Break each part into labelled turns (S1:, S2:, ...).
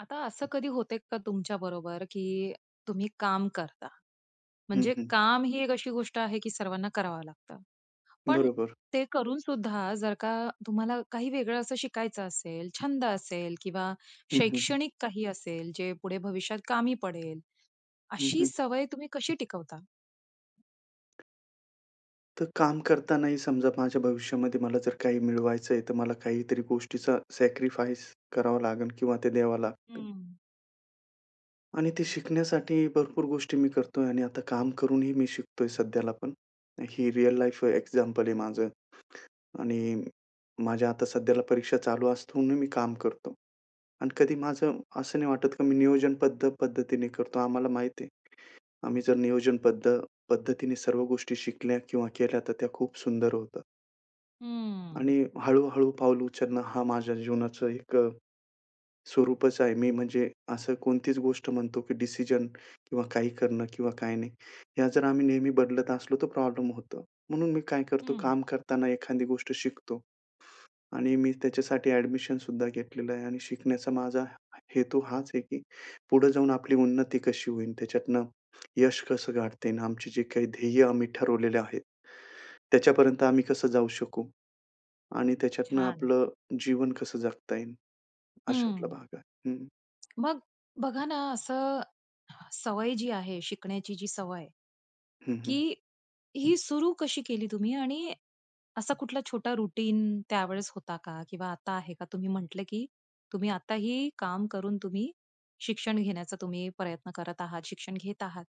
S1: आता असं कधी होतंय का तुमच्याबरोबर? की तुम्ही काम करता,
S2: हं,
S1: म्हणजे
S2: हं.
S1: काम ही एक अशी गोष्ट आहे, की सर्वांना करावं लागतं. पण
S2: बरोबर.
S1: ते करूनसुद्धा जर का तुम्हाला काही वेगळं असं शिकायचं असेल, छंद असेल किंवा
S2: हं, हं.
S1: शैक्षणिक काही असेल जे पुढे भविष्यात कामी पडेल.
S2: हं,
S1: अशी
S2: हं.
S1: सवय तुम्ही कशी टिकवता?
S2: तर काम करतानाही समजा माझ्या भविष्यामध्ये मला जर काही मिळवायचंय. तर मला काहीतरी गोष्टीचं सॅक्रिफाईस करावं लागेल किंवा ते द्यावं लागतं.
S1: हं.
S2: आणि ते शिकण्यासाठी भरपूर गोष्टी मी करतोय. आणि आता काम करूनही मी शिकतोय. सध्याला पण हे रिअल लाईफ एक्झाम्पल आहे माझं. आणि माझ्या आता सध्याला परीक्षा चालू असता, म्हणून मी काम करतो. आणि कधी माझं असं नाही वाटत, की मी नियोजनबद्ध पद्धतीने करतो. आम्हाला माहिती आहे, आम्ही जर नियोजनबद्ध पद्धतीने सर्व गोष्टी शिकल्या किंवा केल्या, तर त्या खूप सुंदर होतात.
S1: हम्म.
S2: आणि हळू-हळू पाऊल उचलणं, हा माझ्या जीवनाचं एक, स्वरूपच आहे. मी म्हणजे असं कोणतीच गोष्ट म्हणतो, की डिसिजन किंवा काही करणं किंवा काय नाही. ह्या जर आम्ही नेहमी बदलत असलो, तर प्रॉब्लेम होतो. म्हणून मी काय करतो
S1: हं.
S2: काम करताना एखादी गोष्ट शिकतो. आणि मी त्याच्यासाठी ॲडमिशन सुद्धा घेतलेलं आहे आणि शिकण्याचा माझा हेतू हाच आहे, की पुढे जाऊन आपली उन्नती कशी होईन, त्याच्यातनं यश कसं गाठता येईन, आमची जी काही ध्येय आम्ही ठरवलेले आहेत. त्याच्यापर्यंत आम्ही कसं जाऊ शकू? आणि त्याच्यातनं
S1: छान.
S2: आपलं जीवन कसं जगता येईन, अशातला
S1: हं.
S2: भाग आहे. हं.
S1: मग अ, बघा ना, असं सवय जी आहे, शिकण्याची जी सवय,
S2: हं, हं.
S1: की ही सुरू कशी केली तुम्ही? आणि असा कुठला छोटा रुटीन त्यावेळेस होता का? किंवा आता आहे का? तुम्ही म्हटलं, की तुम्ही आताही काम करून, तुम्ही शिक्षण घेण्याचा तुम्ही प्रयत्न करत आहात, शिक्षण घेत आहात.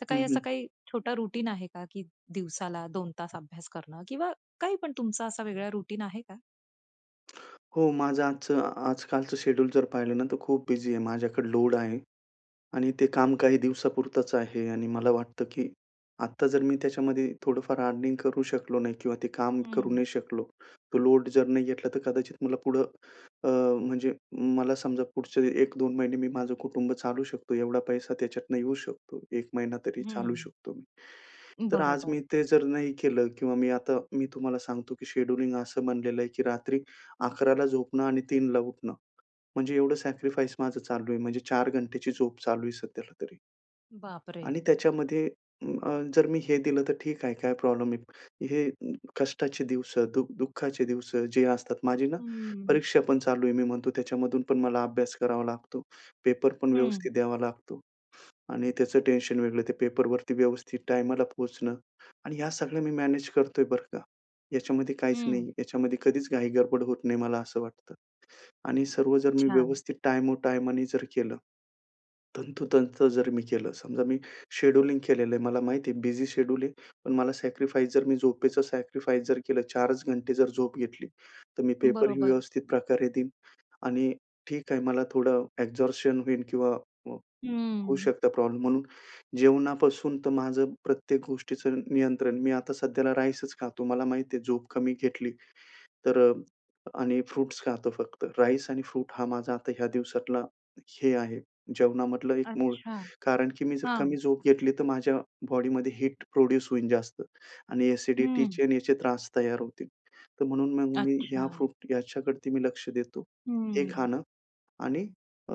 S1: तर काही
S2: हं,
S1: असा
S2: हं.
S1: काही छोटा रुटीन आहे का? की दिवसाला 2 तास अभ्यास करणं किंवा काही पण तुमचा असा वेगळा रुटीन आहे का?
S2: हो, माझं आजचं आजकालचं शेड्यूल जर पाहिलं ना, तर खूप बिझी आहे. माझ्याकडे लोड आहे. आणि ते काम काही दिवसापुरतंच आहे. आणि मला वाटतं की आता जर मी त्याच्यामध्ये थोडंफार अर्निंग करू शकलो नाही किंवा ते काम करू
S1: हं.
S2: नाही शकलो, तो लोड जर नाही घेतला, तर कदाचित मला पुढं अ, म्हणजे मला समजा पुढचे 1-2 महिने मी माझं कुटुंब चालू शकतो एवढा पैसा त्याच्यातनं येऊ शकतो. 1 महिना तरी चालवू
S1: हं.
S2: शकतो मी. तर आज
S1: बरोबर.
S2: मी ते जर नाही केलं किंवा मी आता मी तुम्हाला सांगतो की शेड्यूलिंग असं बनलेलं आहे की रात्री 11:00 ला झोपणं आणि 3:00 ला उठणं. म्हणजे एवढं सॅक्रिफाईस माझं चालू आहे. म्हणजे 4 घंटेची झोप चालू आहे सध्याला तरी.
S1: बापरे!
S2: आणि त्याच्यामध्ये अ, जर मी हे दिलं तर ठीक आहे, काय प्रॉब्लेम नाही. हे कष्टाचे दिवसं, दु दुःखाचे दिवसं जे असतात माझी ना,
S1: हम्म.
S2: परीक्षा पण चालू आहे मी म्हणतो त्याच्यामधून पण मला अभ्यास करावा लागतो. पेपर पण
S1: हं.
S2: व्यवस्थित द्यावा लागतो. आणि त्याचं टेन्शन वेगळं. ते पेपरवरती व्यवस्थित टायमाला पोहोचणं. आणि ह्या सगळ्या मी मॅनेज करतोय बरं का. याच्यामध्ये काहीच नाही.
S1: हं.
S2: याच्यामध्ये कधीच घाई गडबड होत नाही, मला असं वाटतं. आणि सर्व जर मी
S1: छान.
S2: व्यवस्थित टाईमो टाईमानी जर केलं, तंतोतंत जर मी केलं. समजा मी शेड्यूलिंग केलेलं आहे, मला माहिती आहे बिझी शेड्यूल आहे पण मला सॅक्रिफाईस जर मी झोपेचं सॅक्रिफाईस जर केलं, 4 च घंटे जर झोप घेतली तर मी पेपर ही
S1: बरोबर.
S2: व्यवस्थित प्रकारे देईन आणि ठीक आहे, मला थोडं एक्झर्शन होईल किंवा अ, होऊ
S1: हम्म.
S2: शकता प्रॉब्लेम. म्हणून जेवणापासून तर माझं प्रत्येक गोष्टीचं नियंत्रण, मी आता सध्याला राईसच खातो. मला माहिती आहे झोप कमी घेतली, तर अ, आणि फ्रुट्स खातो. फक्त राईस आणि फ्रूट हा माझा आता ह्या दिवसातला, हे आहे जेवणामधलं एक मूळ.
S1: अच्छा.
S2: कारण की मी जर
S1: हां.
S2: कमी झोप घेतली तर माझ्या बॉडीमध्ये हीट प्रोड्यूस होईल जास्त आणि
S1: हं.
S2: ॲसिडिटीचे आणि याचे त्रास तयार होतील. तर म्हणून मग मी ह्या
S1: अच्छा.
S2: फ्रूट याच्याकडती मी लक्ष देतो. हे
S1: हम्म.
S2: खाणं आणि अ,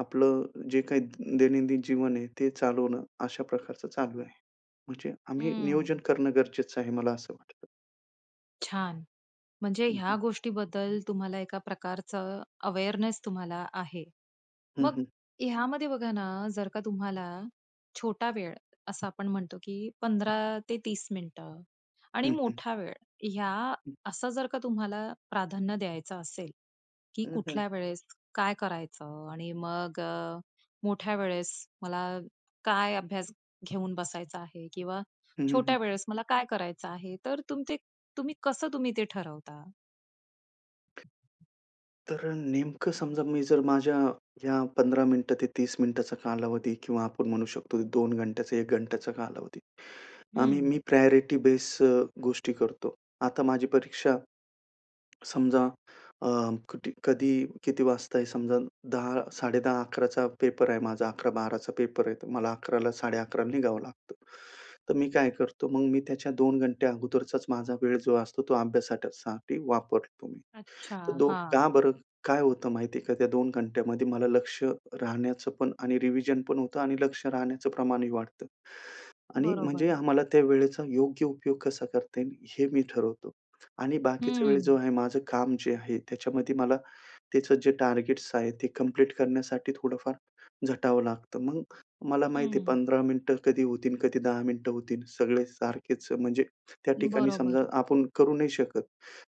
S2: आपलं जे काही दैनंदिन जीवन आहे, ते चालवणं अशा प्रकारचं चालू आहे. म्हणजे आम्ही नियोजन
S1: हं.
S2: करणं गरजेचं आहे मला असं वाटतं.
S1: छान. म्हणजे
S2: हं,
S1: ह्या
S2: हं.
S1: गोष्टीबद्दल तुम्हाला एका प्रकारचं अवेअरनेस तुम्हाला आहे.
S2: हं,
S1: मग
S2: हं.
S1: ह्यामध्ये बघा ना, जर का तुम्हाला छोटा वेळ असं आपण म्हणतो, की 15 ते 30 मिनिटं आणि
S2: हं, हं.
S1: मोठा वेळ ह्या
S2: हं.
S1: असं जर का तुम्हाला प्राधान्य द्यायचं असेल, की
S2: हं, हं.
S1: कुठल्या वेळेस काय करायचं? आणि मग मोठ्या वेळेस मला काय अभ्यास घेऊन बसायचा आहे किंवा
S2: हं, हं.
S1: छोट्या वेळेस मला काय करायचं आहे, तर तुम ते तुम्ही, कसं तुम्ही ते ठरवता?
S2: तर नेमकं समजा मी जर माझ्या या 15 मिनिटं ते 30 मिनिटांचा कालावधी किंवा आपण म्हणू शकतो 2 घंटे, 1 घंट्याचा कालावधी आम्ही
S1: हं.
S2: मी प्रायोरिटी बेस अ, गोष्टी करतो. आता माझी परीक्षा समजा अ, कटी कधी, किती वाजता आहे समजा 10, 10:30, 11 पेपर आहे माझा 11-12 पेपर आहे मला 11 ला 11:30 ला निघावं लागतं. तर मी काय करतो मग मी त्याच्या 2 घंटे अगोदरचा माझा वेळ जो असतो तो अभ्यासासाठी वापरतो मी.
S1: अच्छा,
S2: तर 2, का
S1: हां.
S2: बरं काय होतं माहिती आहे का? त्या 2 घंट्यामध्ये मला लक्ष राहण्याचं पण आणि रिव्हिजन पण होतं आणि लक्ष राहण्याचं प्रमाणही वाढतं. आणि म्हणजे
S1: बरोबर.
S2: आम्हाला त्या वेळेचा योग्य उपयोग कसा करते हे मी ठरवतो. आणि बाकीचा वेळ
S1: हं.
S2: जो आहे, माझं काम जे आहे त्याच्यामध्ये मला, त्याचं जे टार्गेट्स आहेत ते कंप्लीट करण्यासाठी थोडंफार झटावं लागतं. मग मला माहिती आहे
S1: हं.
S2: 15 मिनिटं कधी होतील कधी 10 मिनिटं होतील सगळे सारखेच. अ, म्हणजे त्या ठिकाणी समजा
S1: बरोबर.
S2: आपण करू नाही शकत,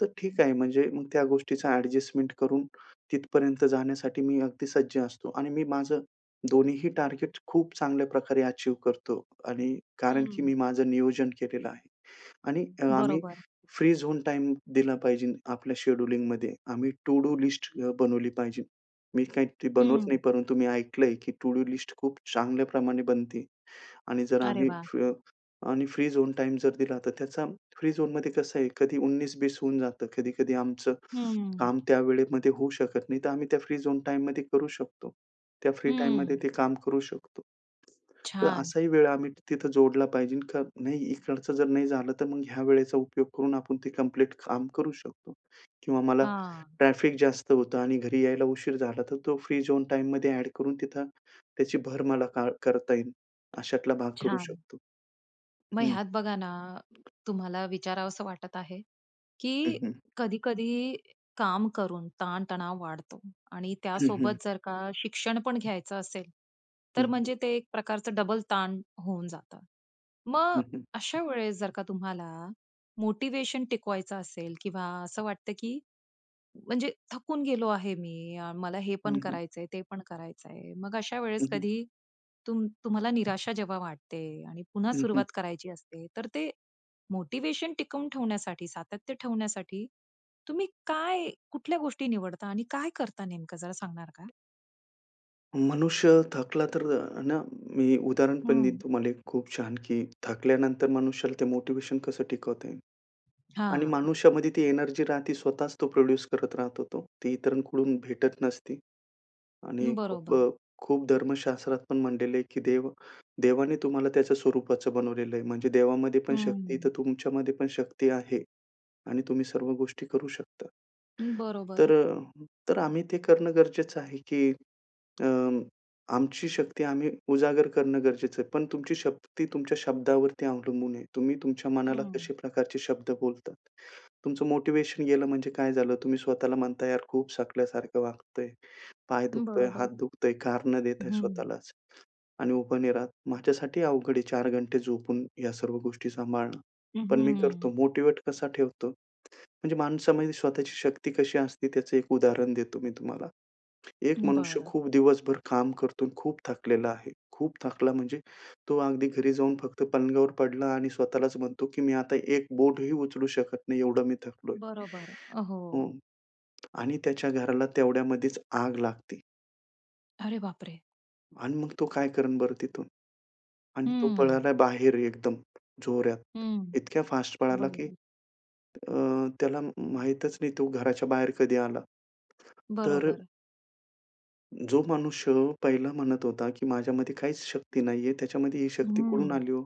S2: तर ठीक आहे म्हणजे मग त्या गोष्टीचा एडजस्टमेंट करून तिथपर्यंत जाण्यासाठी मी अगदी सज्ज असतो आणि मी माझं दोन्हीही टार्गेट खूप चांगल्या प्रकारे अचीव्ह करतो. आणि कारण की
S1: हं.
S2: मी माझं नियोजन केलेलं आहे. आणि आम्ही
S1: बरोबर.
S2: फ्री झोन टाईम दिला पाहिजे आपल्या शेड्यूलिंगमध्ये आम्ही टू डू लिस्ट बनवली पाहिजे. मी काही बनवत नाही
S1: हं.
S2: परंतु मी ऐकलंय, की टू डू लिस्ट खूप चांगल्या प्रमाणे बनते आणि जर प
S1: अरे
S2: आम्ही,
S1: वाह!
S2: आम्ही फ्री झोन टाईम जर दिला तर त्याचा फ्री झोनमध्ये कसं आहे कधी उन्नीस बीस होऊन जातं. कधी, कधी आमचं
S1: हं.
S2: काम त्या वेळेमध्ये होऊ शकत नाही तर आम्ही त्या फ्री झोन टाईममध्ये करू शकतो. त्या फ्री टाईममध्ये
S1: हं.
S2: ते काम करू शकतो. तर
S1: छान.
S2: असाही वेळ आम्ही तिथं जोडला पाहिजे का नाही इकडचं जर नाही झालं तर मग ह्या वेळेचा उपयोग करून आपण ते कंप्लीट काम करू शकतो. किंवा मला
S1: हां.
S2: ट्रॅफिक जास्त होतं आणि घरी यायला उशीर झाला तर तो फ्री झोन टाईममध्ये एड करून तिथं, त्याची भर मला करता येईल अशातला भाग करू
S1: छान.
S2: शकतो
S1: मग
S2: हं.
S1: ह्यात बघा ना, तुम्हाला विचारावसं वाटत आहे
S2: हं,
S1: की
S2: हं.
S1: कधी-कधी काम करून ताण-तणाव वाढतो आणि
S2: हं, हं.
S1: त्यासोबत जर का शिक्षण पण घ्यायचं असेल,
S2: हं,
S1: तर
S2: हं.
S1: म्हणजे ते एक प्रकारचं डबल ताण होऊन जातं.
S2: हं,
S1: मग
S2: हं.
S1: अशा वेळेस जर का तुम्हाला मोटिव्हेशन टिकवायचं असेल किंवा असं वाटतं, की म्हणजे थकून गेलो आहे मी, मला हे पण
S2: हं, हं.
S1: करायचंय, ते पण करायचंय. मग अशा
S2: हं,
S1: वेळेस
S2: हं.
S1: कधी तुम तुम्हाला निराशा जेव्हा वाटते आणि पुन्हा
S2: हं, हं.
S1: सुरुवात करायची असते, तर ते मोटिव्हेशन टिकवून ठेवण्यासाठी, सातत्य ठेवण्यासाठी तुम्ही काय, कुठल्या गोष्टी निवडता आणि काय करता नेमकं जरा सांगणार का?
S2: मनुष्य थकला तर ना, मी उदाहरण पण देईन
S1: हं.
S2: तुम्हाला खूप छान, की थकल्यानंतर मनुष्याला ते मोटिव्हेशन कसं टिकवता येईल? आणि
S1: हां.
S2: मानुष्यामध्ये ती एनर्जी राहती स्वतःच तो प्रोड्यूस करत राहतो तो. ती इतरांकडून भेटत नसती आणि खूप
S1: बरोबर.
S2: अ, खूप धर्मशास्त्रात पण म्हटलेलं आहे, की देव देवाने तुम्हाला त्याच्या स्वरूपाचं बनवलेलं आहे. म्हणजे देवामध्ये पण शक्ती तर
S1: हं.
S2: तुमच्यामध्ये पण शक्ती आहे आणि तुम्ही सर्व गोष्टी करू शकता. तर
S1: बरोबर.
S2: अ, तर आम्ही ते करणं गरजेचं आहे, की अ, आमची शक्ती आम्ही उजागर करणं गरजेचं आहे. पण तुमची शक्ती तुमच्या शब्दावरती अवलंन आहे. तुम्ही तुमच्या मनाला
S1: हं.
S2: कशा प्रकारचे शब्द बोलतात. तुमचं मोटिव्हेशन गेलं म्हणजे काय झालं, तुम्ही स्वतःला म्हणताय यार खूप थकल्यासारखं वाटतंय, पाय दुखतोय, हात
S1: बरोबर,
S2: दुखतय, कारण देताय
S1: हं.
S2: स्वतःलाच आणि उभा नाही राहत. माझ्यासाठीही अवघड आहे 4 घंटे झोपून या सर्व गोष्टी सांभाळणं
S1: हं,
S2: पण मी करतो
S1: हं.
S2: मोटिव्हेट कसा ठेवतो. म्हणजे माणसामध्ये स्वतःची शक्ती कशी असते, त्याचं एक उदाहरण देतो मी तुम्हाला. एक मनुष्य
S1: बरं.
S2: खूप दिवसभर काम करतो आणि खूप थकलेला आहे. खूप थकला म्हणजे तो अगदी घरी जाऊन, फक्त पलंगावर पडला आणि स्वतःलाच म्हणतो, की "मी आता एक बोटही उचलू शकत नाही एवढं मी थकलोय."
S1: बरोबर, हो.
S2: हं आणि त्याच्या घराला तेवढ्यामध्येच आग लागते.
S1: अरे बापरे!
S2: आणि मग तो काय करेन बरं तिथून? आणि तो
S1: हं.
S2: पळाला बाहेर एकदम जोरात
S1: हं.
S2: इतक्या फास्ट पळाला, की
S1: बरोबर.
S2: अ, त्याला म माहितच नाही तो घराच्या बाहेर कधी आला. तर
S1: बरोबर.
S2: जो मनुष्य पहिला म्हणत होता, की माझ्यामध्ये काहीच शक्ती नाहीये त्याच्यामध्ये ही शक्ती कुठून
S1: हं.
S2: आली हो?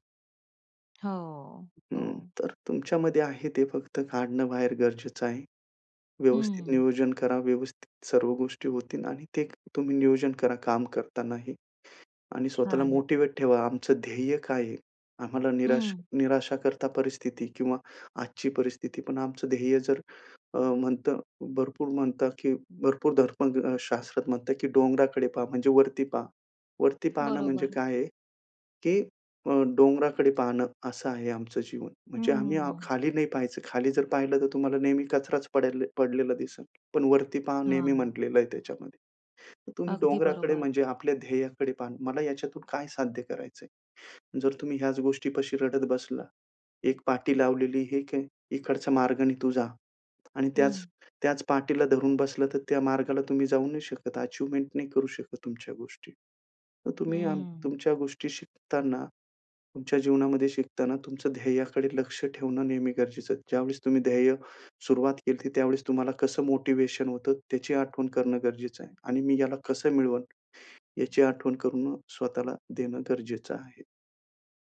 S1: हो.
S2: हं,
S1: हो.
S2: तर तुमच्यामध्ये आहे ते फक्त काढणं बाहेर गरजेचं आहे. व्यवस्थित
S1: हं.
S2: नियोजन करा व्यवस्थित सर्व गोष्टी होतील आणि ते तुम्ही नियोजन करा काम करतांनाही आणि स्वतःला
S1: छान.
S2: मोटिव्हेट ठेवा आमचं ध्येय काय आहे? आम्हाला निराश
S1: हं.
S2: निराशाकरता परिस्थिती किंवा आजची परिस्थिती पण आमचं ध्येय जर अ, म्हणतं भरपूर म्हणतं, की भरपूर धर्मशास्त्रात म्हणतात, की डोंगराकडे पहा म्हणजे वरती पहा वरती पाहणं म्हणजे
S1: बरोबर.
S2: काय आहे? की अ, डोंगराकडे पाहणं असं आहे आमचं जीवन.
S1: हं,
S2: म्हणजे
S1: हं,
S2: आम्ही
S1: हं.
S2: खाली नाही पाहायचं खाली जर पाहिलं तर तुम्हाला नेहमी कचराच पड पडलेला दिसेल. पण वरती पहा नेहमी
S1: हां.
S2: म्हटलेलं आहे त्याच्यामध्ये. तर तुम्ही
S1: अगदी
S2: डोंगराकडे
S1: बरोबर.
S2: म्हणजे आपल्या ध्येयाकडे पहा. मला ह्याच्यातून काय साध्य करायचंय? जर तुम्ही ह्याच गोष्टीपाशी रडत बसला. एक पाटी लावलेली एक आहे, इकडचा मार्गाने तू जा आणि त्याच
S1: हं.
S2: त्याच पाटीला धरून बसला तर त्या मार्गाला तुम्ही जाऊ नाही शकत अचिव्हमेंट नाही करू शकत तुमच्या गोष्टी. तर तुम्ही आम
S1: हं.
S2: तुमच्या गोष्टी शिकताना तुमच्या जीवनामध्ये शिकताना तुमचं ध्येयाकडे लक्ष ठेवणं नेहमी गरजेचं आहे. ज्यावेळेस तुम्ही ध्येय सुरुवात केली होती, त्यावेळेस तुम्हाला कसं मोटिव्हेशन होतं त्याची आठवण करणं गरजेचं आहे. आणि मी ह्याला कसं मिळवन याची आठवण करण स्वतःला देणं गरजेचं आहे.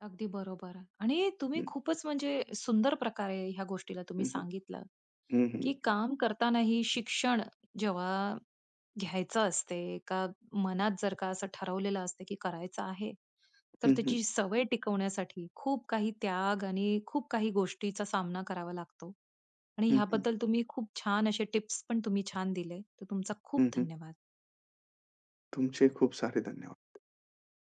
S1: अगदी बरोबर आणि तुम्ही
S2: हं.
S1: खूपच म्हणजे सुंदर प्रकारे ह्या गोष्टीला तुम्ही
S2: हं, हं.
S1: सांगितलं,
S2: हं, हं,
S1: की
S2: हं.
S1: काम करतानाही शिक्षण जेव्हा घ्यायचं असते, का मनात जर का असं ठरवलेलं असते, की करायचं आहे, तर
S2: हं, हं.
S1: त्याची सवय टिकवण्यासाठी खूप काही त्याग आणि खूप काही गोष्टीचा सामना करावा लागतो. आणि
S2: हं, हं.
S1: ह्याबद्दल तुम्ही खूप छान असे टिप्स पण तुम्ही छान दिले तर तुमचा खूप
S2: हं, हं.
S1: धन्यवाद.
S2: तुमचे खूप सारे धन्यवाद.